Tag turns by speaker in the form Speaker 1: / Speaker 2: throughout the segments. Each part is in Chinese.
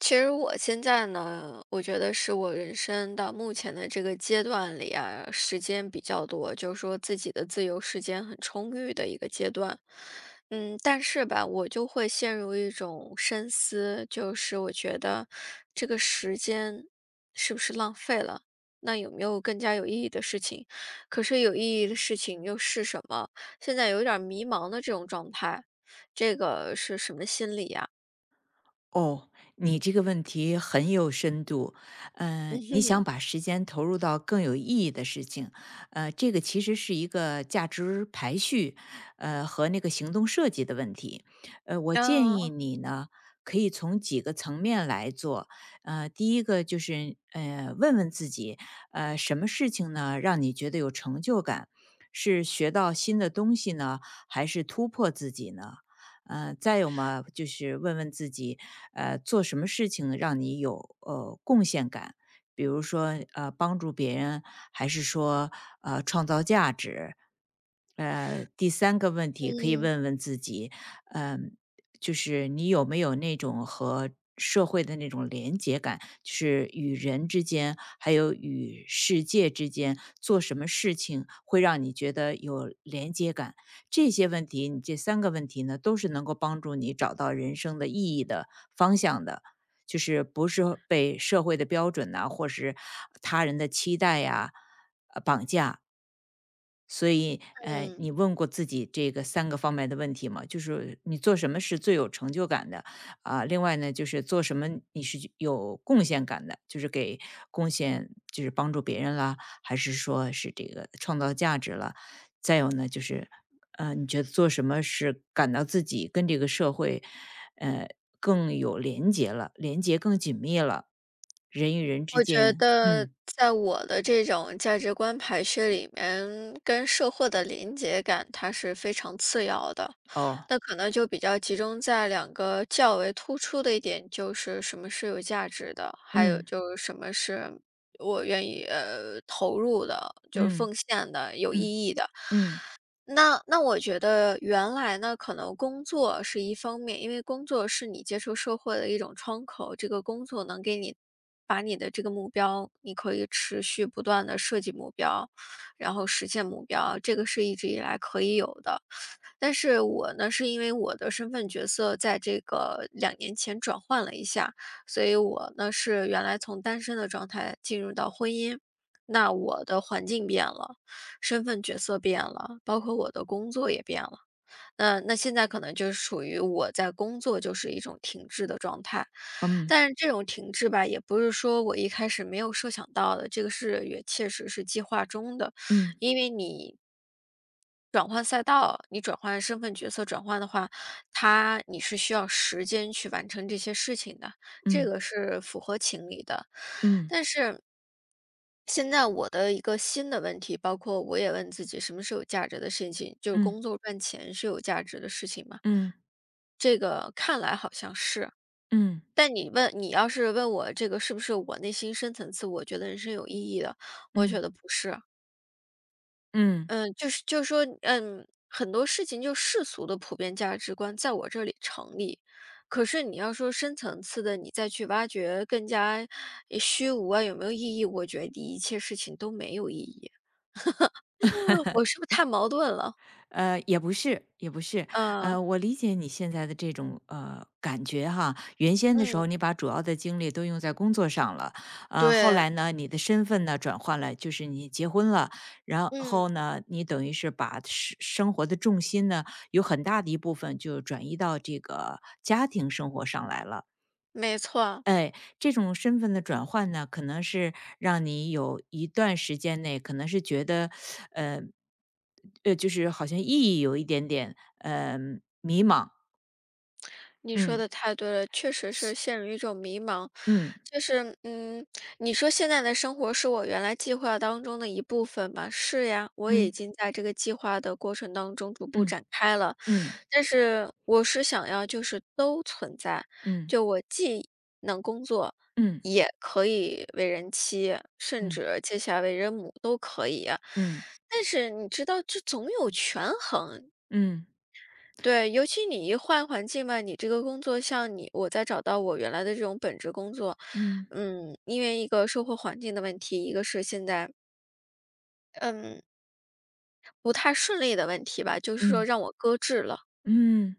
Speaker 1: 其实我现在呢，我觉得是我人生到目前的这个阶段里啊，时间比较多，就说自己的自由时间很充裕的一个阶段。嗯，但是吧，我就会陷入一种深思，就是我觉得，这个时间是不是浪费了，那有没有更加有意义的事情，可是有意义的事情又是什么？现在有点儿迷茫的这种状态，这个是什么心理呀？
Speaker 2: 哦。你这个问题很有深度，呃，你 想把时间投入到更有意义的事情。呃，这个其实是一个价值排序，呃，和那个行动设计的问题，呃，我建
Speaker 1: 嗯。
Speaker 2: 议你呢，可以从几个层面来做。呃，第一个就是，呃，问问自己，呃，什么事情呢，让你觉得有成就感。是学到新的东西呢，还是突破自己呢？呃，再有嘛，就是问问自己，呃，做什么事情让你有，呃，贡献感，比如说，呃，帮助别人，还是说，呃，创造价值。呃，第三个问题可以
Speaker 1: 嗯。
Speaker 2: 问问自己，呃，就是你有没有那种和社会的那种联结感，就是与人之间，还有与世界之间，做什么事情会让你觉得有联结感。这些问题，你这3个问题呢，都是能够帮助你找到人生的意义的方向的，就是不是被社会的标准呐，或是他人的期待啊，呃，绑架。所以，呃，
Speaker 1: 嗯。
Speaker 2: 你问过自己这个3个方面的问题吗？就是说，你做什么是最有成就感的？啊，另外呢，就是做什么你是有贡献感的，就是给贡献就是帮助别人了，还是说是这个创造价值了。再有呢就是，呃，你觉得做什么是感到自己跟这个社会，呃，更有联结了联结更紧密了人与人之
Speaker 1: 我觉
Speaker 2: 间，
Speaker 1: 得，
Speaker 2: 嗯。
Speaker 1: 在我的这种价值观排序里面，跟社会的联结感，它是非常次要的，
Speaker 2: 哦。
Speaker 1: 那可能就比较集中在两个较为突出的一点，就是什么是有价值的？还有
Speaker 2: 嗯。
Speaker 1: 就是什么是我愿意，呃，投入的，就
Speaker 2: 嗯。
Speaker 1: 奉献的、有意
Speaker 2: 嗯。
Speaker 1: 义的。
Speaker 2: 嗯。
Speaker 1: 那那我觉得原来呢，可能工作是一方面，因为工作是你接受社会的一种窗口，这个工作能给你把你的这个目标，你可以持续不断地设计目标，然后实现目标，这个是一直以来可以有的。但是我呢，是因为我的身份角色在这个2年前转换了一下，所以我呢是原来从单身的状态进入到婚姻。那我的环境变了，身份角色变了，包括我的工作也变了。那那现在可能就属于我在工作就是一种停滞的状态，
Speaker 2: 嗯。
Speaker 1: 但是这种停滞吧，也不是说我一开始没有设想到的，这个事也确实是计划中的，
Speaker 2: 嗯。
Speaker 1: 因为你转换赛道，你转换身份、角色转换的话，它你是需要时间去完成这些事情的，这
Speaker 2: 嗯。
Speaker 1: 个是符合情理的，
Speaker 2: 嗯。
Speaker 1: 但是现在我的一个新的问题，包括我也问自己什么是有价值的事情，就是
Speaker 2: 嗯。
Speaker 1: 工作赚钱是有价值的事情嘛。
Speaker 2: 嗯。
Speaker 1: 这个看来好像是。
Speaker 2: 嗯。
Speaker 1: 但你问你要是问我这个是不是我内心深层次，我觉得是有意义的，我觉
Speaker 2: 嗯。
Speaker 1: 得不是。
Speaker 2: 嗯。
Speaker 1: 嗯，就是就说，嗯，很多事情就世俗的普遍价值观在我这里成立，可是你要说深层次的，你再去挖掘更加，呃，虚无啊，有没有意义，我觉得你一切事情都没有意义。我是不是太矛盾了。
Speaker 2: 呃，也不是也不是。
Speaker 1: 嗯。
Speaker 2: 呃，我理解你现在的这种，呃，感觉哈。原先的时候
Speaker 1: 嗯。
Speaker 2: 你把主要的精力都用在工作上了，呃，后
Speaker 1: 对。
Speaker 2: 来呢，你的身份呢转换了，就是你结婚了。然
Speaker 1: 嗯。
Speaker 2: 后呢，你等于是把生生活的重心呢，有很大的一部分就转移到这个家庭生活上来了。
Speaker 1: 没错。
Speaker 2: 哎，这种身份的转换呢，可能是让你有一段时间内可能是觉得，呃，呃就是好像意义有一点点，呃，迷茫。
Speaker 1: 你说
Speaker 2: 嗯。
Speaker 1: 得太对了，确实是陷入一种迷茫。
Speaker 2: 嗯。
Speaker 1: 就是，嗯，你说现在的生活是我原来计划当中的一部分吧？是呀，我已
Speaker 2: 嗯。
Speaker 1: 经在这个计划的过程当中逐步
Speaker 2: 嗯，
Speaker 1: 展开了。
Speaker 2: 嗯。
Speaker 1: 但是我是想要就是都存在，
Speaker 2: 嗯。
Speaker 1: 就我既能工作，
Speaker 2: 嗯。
Speaker 1: 也可以为人妻，甚
Speaker 2: 嗯。
Speaker 1: 至接下来为人母都可以呀。
Speaker 2: 嗯。
Speaker 1: 但是你知道这总有权衡，
Speaker 2: 嗯，对。
Speaker 1: 对，尤其你一换环境嘛，你这个工作像你我在找到我原来的这种本职工作
Speaker 2: 嗯。
Speaker 1: 嗯，因为一个生活环境的问题，一个是现在嗯，不太顺利的问题吧，就是说
Speaker 2: 嗯。
Speaker 1: 让我搁置了。
Speaker 2: 嗯，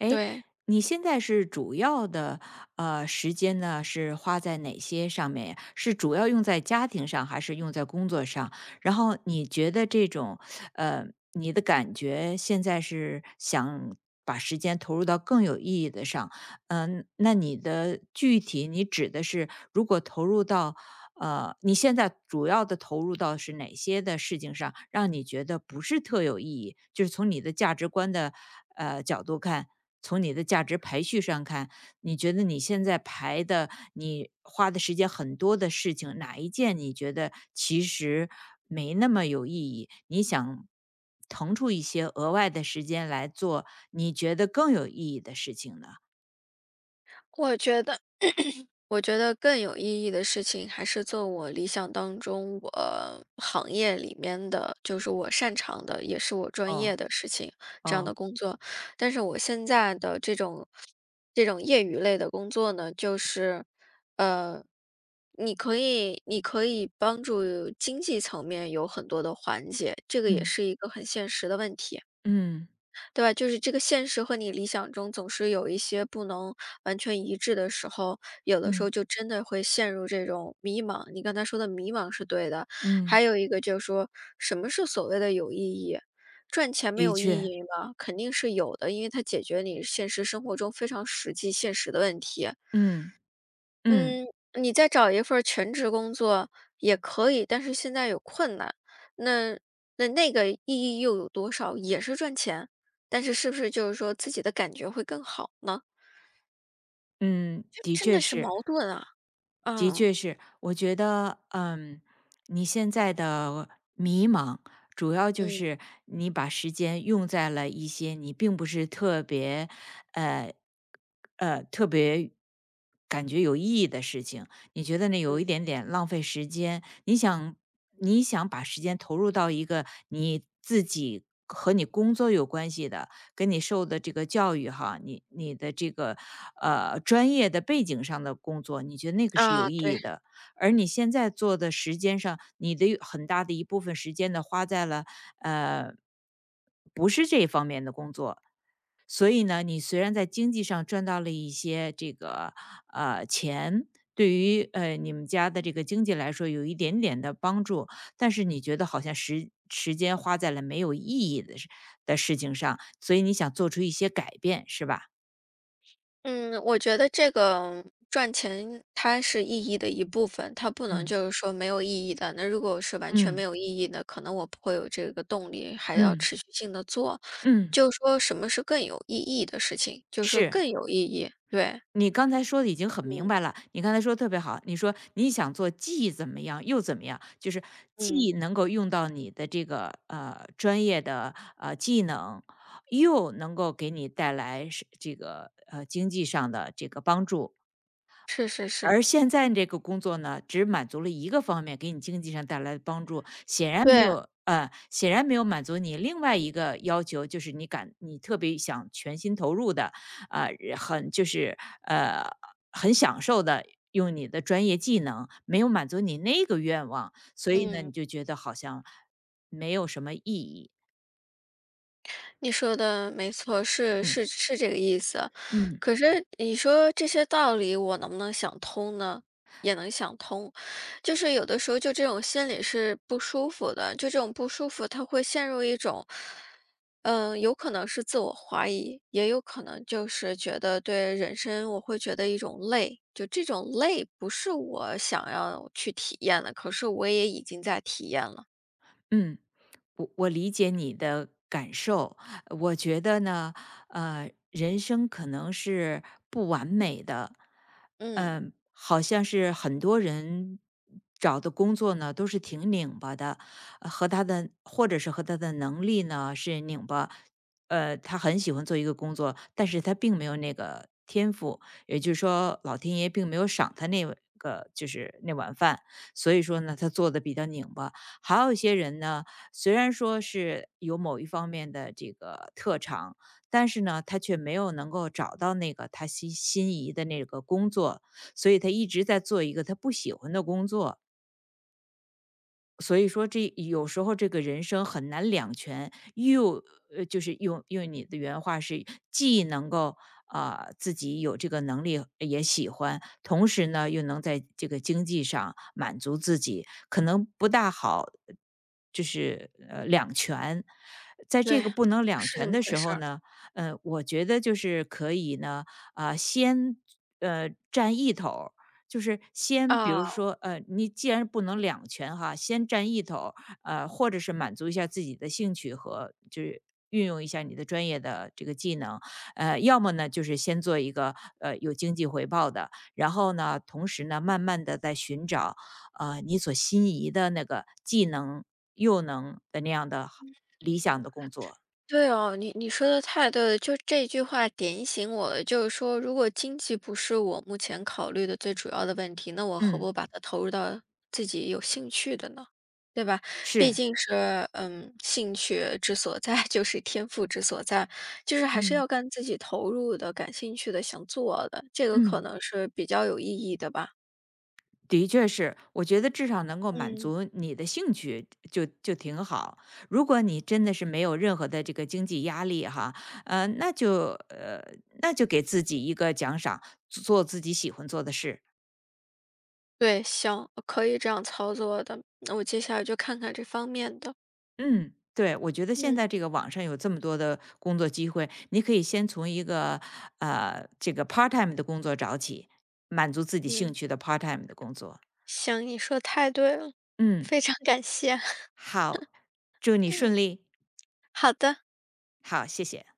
Speaker 2: 哎
Speaker 1: 对。
Speaker 2: 你现在是主要的，呃，时间呢，是花在哪些上面呀？是主要用在家庭上还是用在工作上？然后你觉得这种呃，你的感觉，现在是想把时间投入到更有意义的上，嗯，那你的具体，你指的是如果投入到呃，你现在主要的投入到是哪些的事情上，让你觉得不是特有意义就是从你的价值观的，呃，角度看，从你的价值排序上看，你觉得你现在排的你花的时间很多的事情，哪一件你觉得其实没那么有意义，你想腾出一些额外的时间来做你觉得更有意义的事情呢？
Speaker 1: 我觉得 我觉得更有意义的事情还是做我理想当中我行业里面的，就是我擅长的，也是我专
Speaker 2: 哦。
Speaker 1: 业的事情，这样的
Speaker 2: 哦。
Speaker 1: 工作。但是我现在的这种这种业余类的工作呢，就是，呃，你可以你可以帮助经济层面有很多的缓解，这个也
Speaker 2: 嗯。
Speaker 1: 是一个很现实的问题。
Speaker 2: 嗯。
Speaker 1: 对吧？就是这个现实和你理想中总是有一些不能完全一致的时候，有的时候
Speaker 2: 嗯。
Speaker 1: 就真的会陷入这种迷茫。你刚才说的迷茫是对的，
Speaker 2: 嗯。
Speaker 1: 还有一个就是说什么是所谓的有意义？赚钱没
Speaker 2: 的
Speaker 1: 有意
Speaker 2: 确。
Speaker 1: 义吗？肯定是有的，因为它解决你现实生活中非常实际现实的问题。
Speaker 2: 嗯。嗯。
Speaker 1: 嗯，你再找一份儿全职工作也可以，但是现在有困难，那那个意义又有多少？也是赚钱？但是是不是就是说自己的感觉会更好呢？
Speaker 2: 嗯，
Speaker 1: 这
Speaker 2: 的
Speaker 1: 真
Speaker 2: 确
Speaker 1: 的是
Speaker 2: 是。
Speaker 1: 矛盾啊，
Speaker 2: 的
Speaker 1: 嗯。
Speaker 2: 确是。我觉得，嗯，你现在的迷茫，主要就
Speaker 1: 嗯。
Speaker 2: 是你把时间用在了一些你并不是特别呃呃，特别感觉有意义的事情。你觉得你
Speaker 1: 嗯。
Speaker 2: 有一点点浪费时间，你想你想把时间投入到一个你自己和你工作有关系的，跟你受的这个教育哈，你你的这个，呃，专业的背景上的工作，你觉得那个是有
Speaker 1: 啊，
Speaker 2: 意
Speaker 1: 对。
Speaker 2: 义的。而你现在做的时间上，你的很大的一部分时间呢花在了，呃，不是这方面的工作。所以呢，你虽然在经济上赚到了一些，这个，呃，钱，对于，呃，你们家的这个经济来说有一点点的帮助，但是你觉得好像时时间花在了没有意义的事的事情上，所以你想做出一些改变，是吧？
Speaker 1: 嗯，我觉得这个，赚钱它是意义的一部分，它不能
Speaker 2: 嗯。
Speaker 1: 就是说没有意义的，那如果是完全没
Speaker 2: 嗯。
Speaker 1: 有意义的，可能我不会有这个动力还要
Speaker 2: 嗯。
Speaker 1: 持续性地做。
Speaker 2: 嗯。
Speaker 1: 就说什么是更有意义的事情就说
Speaker 2: 是。
Speaker 1: 更有意义。对。
Speaker 2: 你刚才说得已经很明
Speaker 1: 嗯。
Speaker 2: 白了，你刚才说得特别好。你说你想做既怎么样又怎么样，就是，
Speaker 1: 嗯。
Speaker 2: 既能够用到你的这个，呃，专业的，呃，技能，又能够给你带来是这个，呃，经济上的这个帮助。
Speaker 1: 是是是。
Speaker 2: 而现在这个工作呢，只满足了一个方面给你经济上带来的帮助。显然没
Speaker 1: 对。
Speaker 2: 有呃，显然没有满足你另外一个要求，就是你感你特别想全心投入的，啊，很就是，呃，很享受地用你的专业技能，没有满足你那个愿望，所以呢
Speaker 1: 嗯。
Speaker 2: 你就觉得好像，没有什么意义。
Speaker 1: 你说的没错儿，是，
Speaker 2: 嗯。
Speaker 1: 是是这个意思。
Speaker 2: 嗯。
Speaker 1: 可是你说这些道理我能不能想通呢？也能想通，就是有的时候就这种心理是不舒服的。就这种不舒服，它会陷入一种，嗯，有可能是自我怀疑，也有可能就是觉得对人生我会觉得一种累，就这种累不是我想要去体验的，可是我也已经在体验了。
Speaker 2: 嗯，我我理解你的感受，我觉得呢，呃，人生可能是不完美的。
Speaker 1: 嗯。
Speaker 2: 嗯，好像是很多人，嗯，找的工作呢，都是挺拧巴的，和他的或者是和他的能力呢，是拧巴。呃，他很喜欢做一个工作，但是他并没有那个天赋，也就是说老天爷并没有赏他那个就是那碗饭。所以说呢，他做得比较拧巴。还有一些人呢，虽然说是有某一方面的这个特长，但是呢，他却没有能够找到那个他心心仪的那个工作，所以他一直在做一个他不喜欢的工作。所以说这有时候这个人生很难两全，又就是用用你的原话是，既能够，呃，自己有这个能力，也喜欢，同时呢，又能在这个经济上满足自己，可能不大好，就是，呃，两全。在
Speaker 1: 对，
Speaker 2: 这个不能两
Speaker 1: 是这
Speaker 2: 全
Speaker 1: 么
Speaker 2: 的
Speaker 1: 回
Speaker 2: 时
Speaker 1: 事
Speaker 2: 候
Speaker 1: 儿。
Speaker 2: 呢，呃，我觉得就是可以呢，啊，先，呃，占一头儿，就是先比如
Speaker 1: 嗯。
Speaker 2: 说呃，你既然不能两全哈，先占一头儿，啊，或者是满足一下自己的兴趣，和就运用一下你的专业的这个技能。呃，要么呢就是先做一个，呃，有经济回报的，然后呢，同时呢，慢慢地再寻找，呃，你所心仪的那个既能、又能那样的理
Speaker 1: [unintelligible]
Speaker 2: 想的工作。
Speaker 1: 对啊，你你说得太对了，就这句话点醒我了，就是说如果经济不是我目前考虑的最主要的问题，那我何
Speaker 2: 嗯。
Speaker 1: 不把它投入到自己有兴趣的呢？对吧？毕
Speaker 2: 是。
Speaker 1: 竟是，嗯，兴趣之所在，就是天赋之所在，就是还是
Speaker 2: 嗯。
Speaker 1: 要干自己投入的、感兴趣的、想做的，这个可
Speaker 2: 嗯。
Speaker 1: 能是比较有意义的吧。
Speaker 2: 的确是，我觉得至少能够满
Speaker 1: 嗯。
Speaker 2: 足你的兴趣，就就就挺好。如果你真的是没有任何的这个经济压力哈，呃，那就呃，那就给自己一个奖赏，做自己喜欢做的事。
Speaker 1: 对，行，可以这样操作的，那我接下来就看看这方面的。
Speaker 2: 嗯，对，我觉得现
Speaker 1: 嗯。
Speaker 2: 在这个网上有这么多的工作机会，你可以先从一个，呃，这个 PartTime 的工作找起，满足自己
Speaker 1: 嗯。
Speaker 2: 兴趣的 PartTime 的工作。
Speaker 1: 行，你说得太对了，
Speaker 2: 嗯。
Speaker 1: 非常感谢。
Speaker 2: 好，祝你
Speaker 1: 嗯。
Speaker 2: 顺利。
Speaker 1: 好的。
Speaker 2: 好，谢谢。